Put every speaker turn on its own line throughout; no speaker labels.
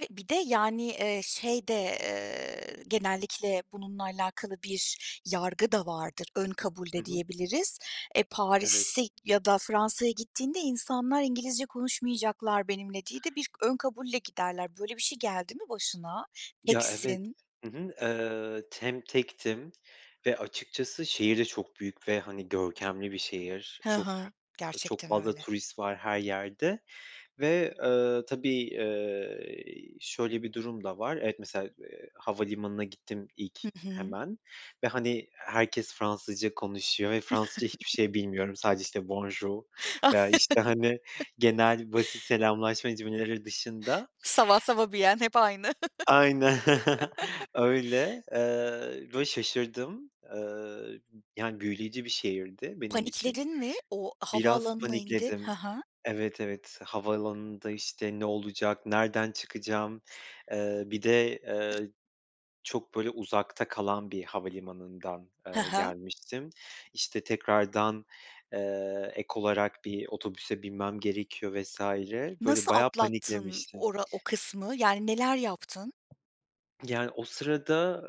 [unintelligible] .Bir de, yani, eee, şey de, eee, genellikle bununla alakalı bir yargı da vardır, ön kabul
Hı
de
hı.
diyebiliriz. E,
Evet.
Paris'e ya da Fransa'ya gittiğinde insanlar İngilizce konuşmayacaklar benimle diye de bir ön kabulle giderler. Böyle bir şey geldi mi başına,
Ya, evet.
teksin.
Hı hı. Iıı, hem tektim ve açıkçası şehir de çok büyük ve hani görkemli bir şehir.
He
Çok her
hı,
çok
gerçekten
fazla
öyle.
turist var her yerde ve, ııı, tabii, ııı, şöyle bir durum da var, evet, mesela, eee, havalimanına gittim ilk
Hı hı.
hemen ve hani herkes Fransızca konuşuyor ve Fransızca hiçbir şey bilmiyorum sadece, işte, Bonjour veya işte hani genel basit selamlaşma cümleleri dışında.
Ça va, ça va bien hep aynı.
Ayne öyle, eee, ve şaşırdım, eee, yani, büyüleyici bir şehirdi benim için,
Panikledin mi? O
biraz
havaalanına indin? He
panikledim
he.
Evet, evet, havaalanında işte "Ne olacak, nereden çıkacağım?" eee, bir de, eee, çok böyle uzakta kalan bir havalimanından,
He
eee,
he.
gelmiştim, işte, tekrardan, eee, ek olarak bir otobüse binmem gerekiyor vs. böyle
Nasıl
bayağı
atlattın
paniklemiştim.
o ra o kısmı? Yani, neler yaptın?
Yani, o sırada,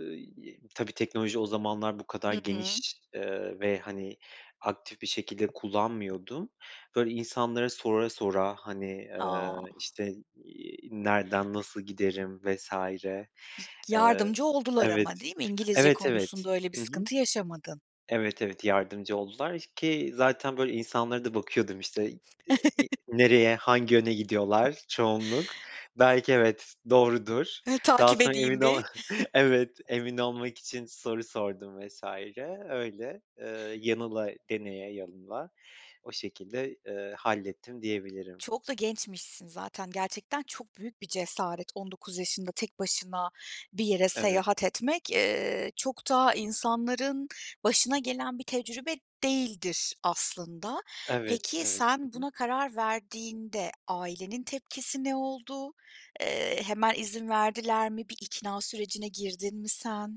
eee, tabii teknoloji o zamanlar bu kadar
Hı hı.
geniş, eee, ve hani aktif bir şekilde kullanmıyordum. Böyle insanlara sora sora, hani, eee,
Ah!
işte, eee, "Nereden nasıl giderim?" vs. eee
Yardımcı oldular ama
Evet,
değil mi? İngilizce
evet, evet.
konusunda öyle bir
Hı hı.
sıkıntı yaşamadın.
Evet, evet, yardımcı oldular ki zaten böyle insanlara da bakıyordum işte, eee, "Nereye, hangi yöne gidiyorlar? Çoğunluk belki, evet, doğrudur,"
Hı,
daha
takip
sonra emin
edeyim
ol
bir.
Evet, emin olmak için soru sordum vs. öyle, ııı, yanıla deneye yanıla o şekilde, ııı, hallettim diyebilirim.
Çok da gençmişsin zaten, gerçekten çok büyük bir cesaret. 19 yaşında tek başına bir yere
Evet.
seyahat etmek, eee, çok da insanların başına gelen bir tecrübe değildir aslında.
Evet,
Peki,
evet.
sen
Hı hı.
buna karar verdiğinde ailenin tepkisi ne oldu? Eee, hemen izin verdiler mi? Bir ikna sürecine girdin mi sen?